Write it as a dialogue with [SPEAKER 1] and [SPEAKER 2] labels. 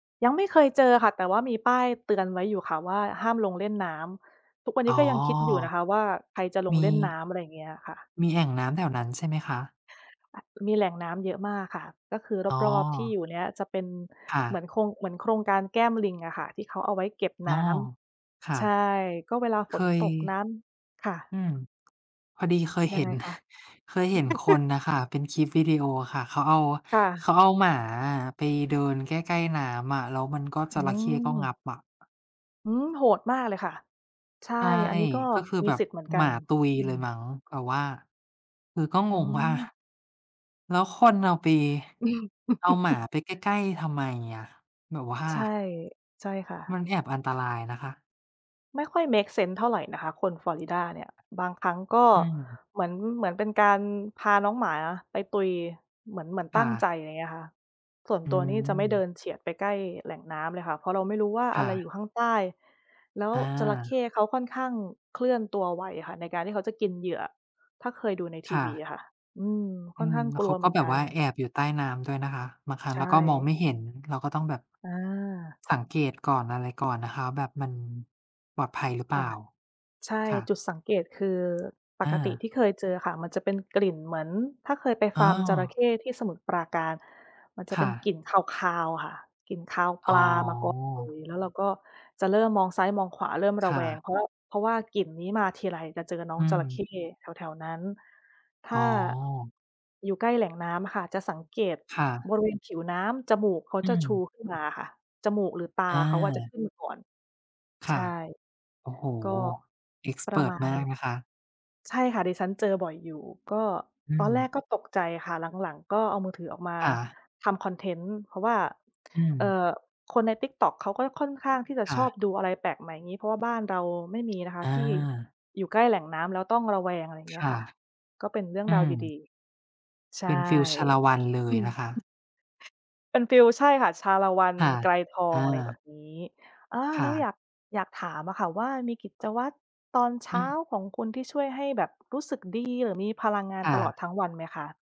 [SPEAKER 1] ยังไม่เคยเจอค่ะ แต่ว่ามีป้ายเตือนไว้อยู่ค่ะว่า "ห้ามลงเล่นน้ำ" ทุกวัน
[SPEAKER 2] อ
[SPEAKER 1] นี
[SPEAKER 2] ๋อ
[SPEAKER 1] ้ก็ยังคิดอยู่นะคะว่าใครจะลง
[SPEAKER 2] ม
[SPEAKER 1] เล่นน้
[SPEAKER 2] ี
[SPEAKER 1] ำ อะไรอย่างเงี้ยค่ะ
[SPEAKER 2] มีแอ่งน้ำแถวนั้นใช่ไหมคะ?
[SPEAKER 1] มีแหล่งน้ำเยอะมากค่ะ ก็คือ
[SPEAKER 2] อ๋อ
[SPEAKER 1] รอบ ๆ ที่อยู่เนี้ยจะเป็น
[SPEAKER 2] ค่
[SPEAKER 1] เหมื
[SPEAKER 2] ะ
[SPEAKER 1] อนโครง เหมือนโครงการแก้มลิงอะค่ะ ที่เขาเอาไว้เก็บ
[SPEAKER 2] อ้
[SPEAKER 1] น
[SPEAKER 2] อ
[SPEAKER 1] ้
[SPEAKER 2] ค่
[SPEAKER 1] ำ ใ
[SPEAKER 2] ะ
[SPEAKER 1] ช่ ก็เวลา
[SPEAKER 2] เค
[SPEAKER 1] ฝน
[SPEAKER 2] ย
[SPEAKER 1] ตกน้ำ
[SPEAKER 2] อืม พอดีเคย
[SPEAKER 1] ยั
[SPEAKER 2] เห
[SPEAKER 1] ง
[SPEAKER 2] ็
[SPEAKER 1] ไง
[SPEAKER 2] น
[SPEAKER 1] คะ?
[SPEAKER 2] เคยเห็นคนน่ะ ค่ะ เป็นคลิปวีดีโออะค่ะ เขาเอา
[SPEAKER 1] ค่ะ
[SPEAKER 2] เขาเอาหมาอะไปเดินใกล้ ๆ น้ำ อะ แล้วมันก็ จ
[SPEAKER 1] อื
[SPEAKER 2] ระเข้ก็งั
[SPEAKER 1] ม
[SPEAKER 2] บอะ
[SPEAKER 1] อืม โหดมากเลยค่ะ ใช่
[SPEAKER 2] ใช่
[SPEAKER 1] อันนี้ก็
[SPEAKER 2] ก็คือ
[SPEAKER 1] มี
[SPEAKER 2] แบบ
[SPEAKER 1] สิทธิ์เหมือนก
[SPEAKER 2] ห
[SPEAKER 1] ั
[SPEAKER 2] มา
[SPEAKER 1] น
[SPEAKER 2] ตุย
[SPEAKER 1] อื
[SPEAKER 2] เลย
[SPEAKER 1] ม
[SPEAKER 2] มั้ง แต่ว่า คือก็
[SPEAKER 1] อ
[SPEAKER 2] ง
[SPEAKER 1] ื
[SPEAKER 2] งว่า
[SPEAKER 1] ม
[SPEAKER 2] แล้วคนเอาไป
[SPEAKER 1] อืม
[SPEAKER 2] เอาหมาไปใกล้ ๆ ทำไมอะ แบบว่า
[SPEAKER 1] ใช่ ใช่ค่ะ
[SPEAKER 2] มันแอบอันตรายนะคะ
[SPEAKER 1] ไม่ค่อยเมกเซนส์เท่าไหร่นะคะคน ฟลอริดาเนี่ย บางครั้งก็
[SPEAKER 2] อืม
[SPEAKER 1] เหมือน เหมือนเป็นการพาน้องหมาไปตุย เหมือน เหมือน
[SPEAKER 2] ค
[SPEAKER 1] ตั
[SPEAKER 2] ่
[SPEAKER 1] ้งใจ
[SPEAKER 2] ะ
[SPEAKER 1] อะไรเงี้ยค่ะ ส่วน
[SPEAKER 2] อื
[SPEAKER 1] ตัวนี่จะไม่เดิ
[SPEAKER 2] ม
[SPEAKER 1] นเฉียดไปใกล้แหล่งน้ำเลยค่ะ เพราะเราไม่รู้ว่า
[SPEAKER 2] ค
[SPEAKER 1] อะ
[SPEAKER 2] ่
[SPEAKER 1] ไรอ
[SPEAKER 2] ะ
[SPEAKER 1] ยู่ข้างใต้ แล้ว
[SPEAKER 2] อ
[SPEAKER 1] จระเข
[SPEAKER 2] า
[SPEAKER 1] ้เขาค่อนข้างเคลื่อนตัวไวอะค่ะ ในการที่เขาจะกินเหยื่อ ถ้าเคยดูในท
[SPEAKER 2] ค
[SPEAKER 1] ี
[SPEAKER 2] ่
[SPEAKER 1] วี
[SPEAKER 2] ะ
[SPEAKER 1] อะค่ะ อืม ค
[SPEAKER 2] อื
[SPEAKER 1] ่อน
[SPEAKER 2] ม
[SPEAKER 1] ข้าง
[SPEAKER 2] แล้
[SPEAKER 1] ก
[SPEAKER 2] ว
[SPEAKER 1] ล
[SPEAKER 2] เ
[SPEAKER 1] ั
[SPEAKER 2] ข
[SPEAKER 1] ว
[SPEAKER 2] า
[SPEAKER 1] เห
[SPEAKER 2] ก
[SPEAKER 1] ม
[SPEAKER 2] ็
[SPEAKER 1] ือน
[SPEAKER 2] แบ
[SPEAKER 1] ก
[SPEAKER 2] บ
[SPEAKER 1] ัน
[SPEAKER 2] ว่าแอบอยู่ใต้น้ำด้วยนะคะ บางครั้
[SPEAKER 1] ใช
[SPEAKER 2] งเราก็มอง
[SPEAKER 1] ่
[SPEAKER 2] ไม่เห็น เราก็ต้องแบบ
[SPEAKER 1] อา
[SPEAKER 2] สังเกตก่อนอะไรก่อนนะคะ แบบมันปลอดภัยหรือเป
[SPEAKER 1] ค
[SPEAKER 2] ล่
[SPEAKER 1] ่ะ
[SPEAKER 2] า
[SPEAKER 1] ใช่
[SPEAKER 2] ค่
[SPEAKER 1] จ
[SPEAKER 2] ะ
[SPEAKER 1] ุดสังเกต คือป
[SPEAKER 2] อ
[SPEAKER 1] กติ
[SPEAKER 2] า
[SPEAKER 1] ที่เคยเจออะค่ะ มันจะเป็นกลิ่นเหมือน ถ้าเคยไป
[SPEAKER 2] อ๋
[SPEAKER 1] ฟาร์มจระเข
[SPEAKER 2] อ
[SPEAKER 1] ้ที่สมุทรปราการ มันจะ
[SPEAKER 2] ค
[SPEAKER 1] เป
[SPEAKER 2] ่
[SPEAKER 1] ็นก
[SPEAKER 2] ะ
[SPEAKER 1] ลิ่นคาว ๆ อะค่ะ กลิ่นคาวป
[SPEAKER 2] อ๋
[SPEAKER 1] ลามาก่อน เล
[SPEAKER 2] อ
[SPEAKER 1] ย แล้วเราก็จะเริ่มมองซ้ายมองขวาเริ่มร
[SPEAKER 2] ค
[SPEAKER 1] ะ
[SPEAKER 2] ่
[SPEAKER 1] แวง
[SPEAKER 2] ะ
[SPEAKER 1] เพราะว่า เพราะว่ากลิ่นนี้มาทีไรจะเจอน้อ
[SPEAKER 2] อื
[SPEAKER 1] งจระ เข
[SPEAKER 2] ม
[SPEAKER 1] ้แถว ๆ นั้น ถ
[SPEAKER 2] อ
[SPEAKER 1] ้
[SPEAKER 2] ๋อ
[SPEAKER 1] า อยู่ใกล้แหล่งน้ำค่ะจะสังเกต
[SPEAKER 2] ค่
[SPEAKER 1] บ
[SPEAKER 2] ะ
[SPEAKER 1] ริเวณผิวน้ำจมูกเขา
[SPEAKER 2] อื
[SPEAKER 1] จะ ชู
[SPEAKER 2] ม
[SPEAKER 1] ขึ้นมาอะค่ะ จมูก หรือตา
[SPEAKER 2] อ
[SPEAKER 1] เขาอะ จะข
[SPEAKER 2] า
[SPEAKER 1] ึ้นมาก่อน
[SPEAKER 2] ค
[SPEAKER 1] ใช
[SPEAKER 2] ่ะ
[SPEAKER 1] ่
[SPEAKER 2] โอ้โฮ
[SPEAKER 1] ี
[SPEAKER 2] เอกซ์
[SPEAKER 1] ป
[SPEAKER 2] เพ
[SPEAKER 1] ระ
[SPEAKER 2] ิร์
[SPEAKER 1] ม
[SPEAKER 2] ต
[SPEAKER 1] า
[SPEAKER 2] ม
[SPEAKER 1] ณ
[SPEAKER 2] ากนะคะ
[SPEAKER 1] ใช่ค่ะ ดิฉันเจอบ่อยอยู่ ก็
[SPEAKER 2] อื
[SPEAKER 1] ตอนแรก
[SPEAKER 2] ม
[SPEAKER 1] ก็ตกใจค่ะ หลัง ๆ ก็เอามือถือออกมา
[SPEAKER 2] ค่ะ
[SPEAKER 1] ทำคอนเทนต์ เพราะว่า
[SPEAKER 2] อื
[SPEAKER 1] เอ่
[SPEAKER 2] ม
[SPEAKER 1] อ คนใน Tiktok เขาก็ค่อนข้างที่จะ
[SPEAKER 2] ค
[SPEAKER 1] ช
[SPEAKER 2] ่
[SPEAKER 1] อบ
[SPEAKER 2] ะ
[SPEAKER 1] ดูอะไรแปลกใหม่ อย่างงี้ เพราะว่าบ้านเราไม่ มีนะคะ
[SPEAKER 2] อ
[SPEAKER 1] ที่
[SPEAKER 2] า
[SPEAKER 1] อยู่ใกล้แหล่งน้ำแล้วต้องระแวง อะไรอย่า
[SPEAKER 2] ค
[SPEAKER 1] งเงี้ย
[SPEAKER 2] ่ะ
[SPEAKER 1] ค่ะ ก็เป็นเรื่อง
[SPEAKER 2] อื
[SPEAKER 1] ราวด
[SPEAKER 2] ม
[SPEAKER 1] ี ๆ ใช
[SPEAKER 2] เ
[SPEAKER 1] ่
[SPEAKER 2] ป็นฟิล ชาละวันเล
[SPEAKER 1] อื
[SPEAKER 2] ย
[SPEAKER 1] ม
[SPEAKER 2] นะคะ
[SPEAKER 1] เป็นฟิล ใช่ค่ะ ชาละวัน
[SPEAKER 2] ค่ะ
[SPEAKER 1] ไกรทอ
[SPEAKER 2] อ
[SPEAKER 1] ง อะไรแบ
[SPEAKER 2] า
[SPEAKER 1] บนี้ อา
[SPEAKER 2] ค
[SPEAKER 1] แล
[SPEAKER 2] ่
[SPEAKER 1] ้ว
[SPEAKER 2] ะ
[SPEAKER 1] อยาก อยากถามอะค่ะว่า มีกิจวัตรตอนเช
[SPEAKER 2] อื
[SPEAKER 1] ้า
[SPEAKER 2] ม
[SPEAKER 1] ของคุณที่ช่วยให้แบบรู้สึกดี หรือมีพลังงาน
[SPEAKER 2] ค่
[SPEAKER 1] ตลอ
[SPEAKER 2] ะ
[SPEAKER 1] ดทั้งวันไหมคะ?